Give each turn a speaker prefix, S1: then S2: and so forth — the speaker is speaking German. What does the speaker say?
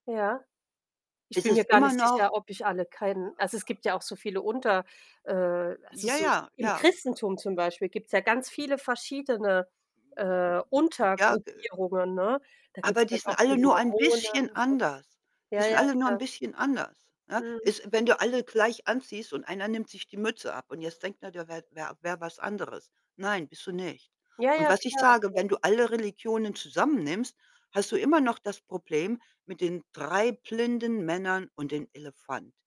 S1: Ja. Ich
S2: Es
S1: bin mir
S2: ist
S1: gar
S2: immer
S1: nicht sicher,
S2: noch
S1: ob ich alle kenne also, es gibt ja auch so viele unter, äh also,
S2: Ja,
S1: so
S2: ja,
S1: im
S2: ja.
S1: Christentum zum Beispiel gibt's ja ganz viele verschiedene, äh,
S2: Ja, ge
S1: Untergruppierungen, ne? Da
S2: Aber,
S1: gibt's
S2: die
S1: dann
S2: sind
S1: auch
S2: alle
S1: die
S2: nur ein bisschen
S1: Mormonen, ne?
S2: anders. Die
S1: Ja,
S2: sind
S1: ja,
S2: alle nur ein
S1: klar.
S2: bisschen anders, ne?
S1: Mhm.
S2: Es wenn du alle gleich anziehst und einer nimmt sich die Mütze ab und jetzt denkt der, der wär wär wär was anderes. „Nein, bist du nicht.“
S1: Ja,
S2: Und
S1: ja,
S2: was ich
S1: klar,
S2: sage,
S1: klar.
S2: wenn du alle Religionen zusammen nimmst, hast du immer noch das Problem mit den 3 blinden Männern und dem Elefant.